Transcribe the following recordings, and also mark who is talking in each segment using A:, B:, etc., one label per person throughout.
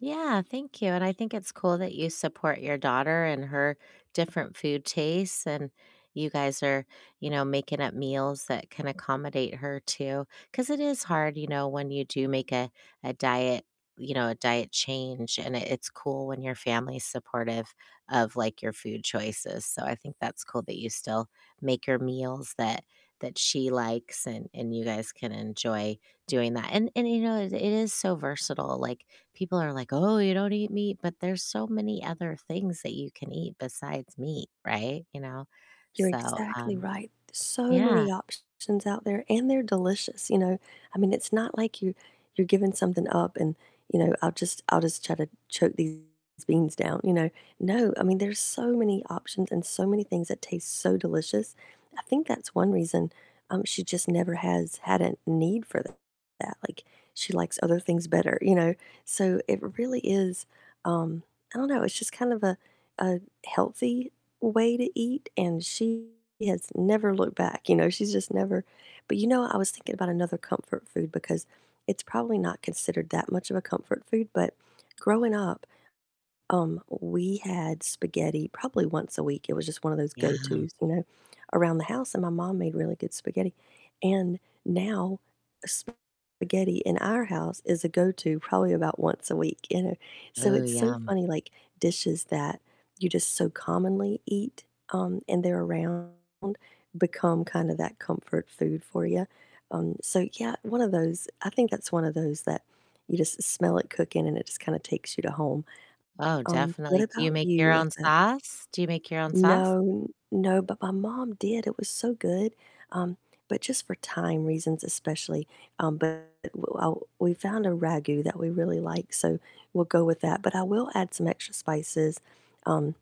A: Yeah, thank you, and I think it's cool that you support your daughter and her different food tastes, and you guys are, you know, making up meals that can accommodate her too. 'Cause it is hard, you know, when you do make a a diet you know, a diet change, and it it's cool when your family's supportive of, like, your food choices. So I think that's cool that you still make her meals that that she likes and and you guys can enjoy doing that. And and you know, it it is so versatile. Like, people are like, "Oh, you don't eat meat?" But there's so many other things that you can eat besides meat, right? You know,
B: You're
A: so,
B: exactly
A: um,
B: right. There's so
A: yeah.
B: many options out there, and they're delicious, you know? I mean, it's not like you you're giving something up and, you know, I'll just I'll just try to choke these beans down, you know? No, I mean, there's so many options and so many things that taste so delicious. I think that's one reason, um, she just never has had a need for that. Like, she likes other things better, you know? So it really is, um I don't know, it's just kind of a a healthy way to eat, and she has never looked back, you know, she's just never But you know what? I was thinking about another comfort food, because it's probably not considered that much of a comfort food, but growing up, um, w we had spaghetti probably once a week, it was just one of those
A: Yum.
B: go-to's, you know, around the house, and my mom made really good spaghetti. And now, spaghetti in our house is a go-to probably about once a week, you know? So
A: Oh,
B: it's so
A: yum.
B: funny, like, dishes that you just so commonly eat, um, and they're around become kinda that comfort food for ya. Um, so, yeah, one of those I think that's one of those that you just smell it cooking and it just kinda takes you to home.
A: Oh,
B: Um, what
A: definitely. Do
B: about
A: you make
B: you
A: your
B: with
A: own
B: it?
A: sauce? Do you make your own sauce?
B: No, no, but my mom did, it was so good. Um, but just for time reasons especially. Um, but w w well, we found a ragù that we really like, so we'll go with that. But I will add some extra spices, um,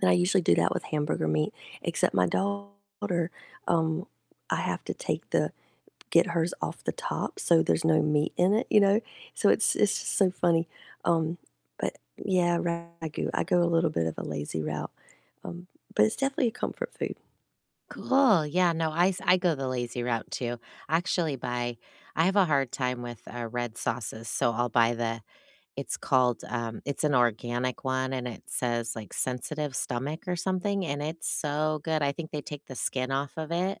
B: and I usually do that with hamburger meat, except my daughter, um, I have to take the get hers off the top so there's no meat in it, you know? So it's it's just so funny. Um, but yeah, ragù. I go a little bit of a lazy route. Um, but it's definitely a comfort food.
A: Cool. Yeah, no, I s I go the lazy route too. I actually buy I have a hard time with, uh, red sauces, so I'll buy the it's called, um it's an organic one and it says, like, sensitive stomach or something, and it's so good. I think they take the skin off of it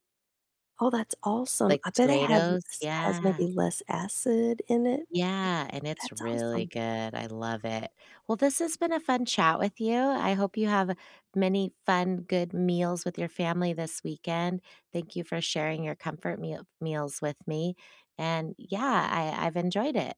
B: Oh, that's awesome.
A: like
B: I
A: the
B: bet it has
A: tomatoes.
B: less has
A: Yeah.
B: maybe less acid in it.
A: Yeah. And it's
B: That's
A: really
B: awesome.
A: good, I love it. Well, this has been a fun chat with you, I hope you have many fun, good meals with your family this weekend. Thank you for sharing your comfort me meals with me. And yeah, I I've enjoyed it.